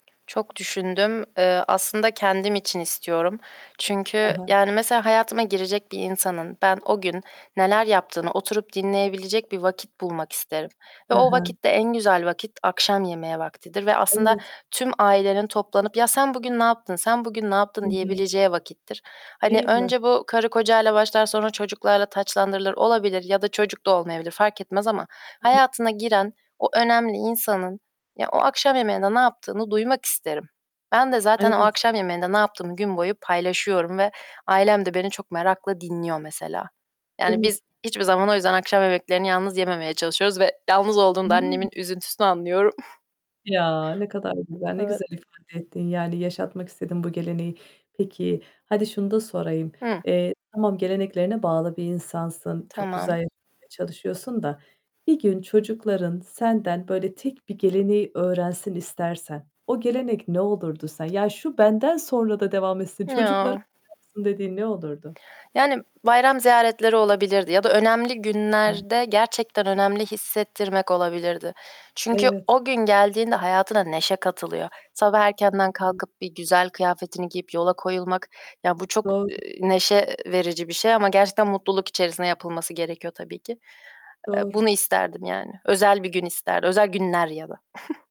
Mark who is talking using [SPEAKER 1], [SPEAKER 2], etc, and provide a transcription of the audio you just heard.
[SPEAKER 1] Çok düşündüm. Eee, aslında kendim için istiyorum.
[SPEAKER 2] Hı
[SPEAKER 1] Çünkü,
[SPEAKER 2] hı.
[SPEAKER 1] yani, mesela hayatıma girecek bir insanın ben o gün neler yaptığını oturup dinleyebilecek bir vakit bulmak isterim ve
[SPEAKER 2] Hı
[SPEAKER 1] o
[SPEAKER 2] hı.
[SPEAKER 1] vakitte en güzel vakit, akşam yemeği vaktidir ve aslında
[SPEAKER 2] Evet.
[SPEAKER 1] tüm ailenin toplanıp, "Ya, sen bugün ne yaptın, sen bugün ne
[SPEAKER 2] Hı
[SPEAKER 1] yaptın?"
[SPEAKER 2] hı.
[SPEAKER 1] diyebileceği vakittir. Hani,
[SPEAKER 2] Değil mi?
[SPEAKER 1] önce bu karı kocayla başlar, sonra çocuklarla taçlandırılır. Olabilir ya da çocuk da olmayabilir, fark etmez ama
[SPEAKER 2] [unintelligible]
[SPEAKER 1] hayatına giren o önemli insanın ya o akşam yemeğinde ne yaptığını duymak isterim. Ben de zaten o
[SPEAKER 2] Evet.
[SPEAKER 1] akşam yemeğinde ne yaptığımı gün boyu paylaşıyorum ve ailem de beni çok merakla dinliyor mesela.
[SPEAKER 2] Değil
[SPEAKER 1] Yani
[SPEAKER 2] mi?
[SPEAKER 1] biz hiçbir zaman o yüzden akşam yemeklerini yalnız yememeye çalışıyoruz ve yalnız olduğunda annemin
[SPEAKER 2] Hıı.
[SPEAKER 1] üzüntüsünü anlıyorum.
[SPEAKER 2] Ya! Ne kadar
[SPEAKER 1] Hı.
[SPEAKER 2] güzel, ne
[SPEAKER 1] Evet.
[SPEAKER 2] güzel ifade ettin. Yani yaşatmak istediğin bu geleneği. Peki hadi şunu da sorayım:
[SPEAKER 1] Hı.
[SPEAKER 2] Eee, tamam geleneklerine bağlı bir insansın. Çok güzel
[SPEAKER 1] Tamam.
[SPEAKER 2] yaşamaya çalışıyorsun da, bir gün çocukların senden böyle tek bir geleneği öğrensin istersen o gelenek ne olurdu sen? Ya, şu benden sonra da devam etsin, çocuklarım
[SPEAKER 1] Ya!
[SPEAKER 2] da yapsın dediğin ne olurdu?
[SPEAKER 1] Yani, bayram ziyaretleri olabilirdi ya da önemli
[SPEAKER 2] [unintelligible]
[SPEAKER 1] günlerde gerçekten önemli hissettirmek olabilirdi. Çünkü
[SPEAKER 2] Evet.
[SPEAKER 1] o gün geldiğinde hayatına neşe katılıyor. Sabah
[SPEAKER 2] Hı
[SPEAKER 1] erkenden
[SPEAKER 2] hı.
[SPEAKER 1] kalkıp bir güzel kıyafetini giyip yola koyulmak... Ya, bu çok,
[SPEAKER 2] Doğru.
[SPEAKER 1] eee, neşe, eee, verici bir şey ama gerçekten mutluluk içerisinde yapılması gerekiyor tabii ki. Eee,
[SPEAKER 2] Doğru.
[SPEAKER 1] bunu isterdim yani. Özel bir gün ister özel günler ya da.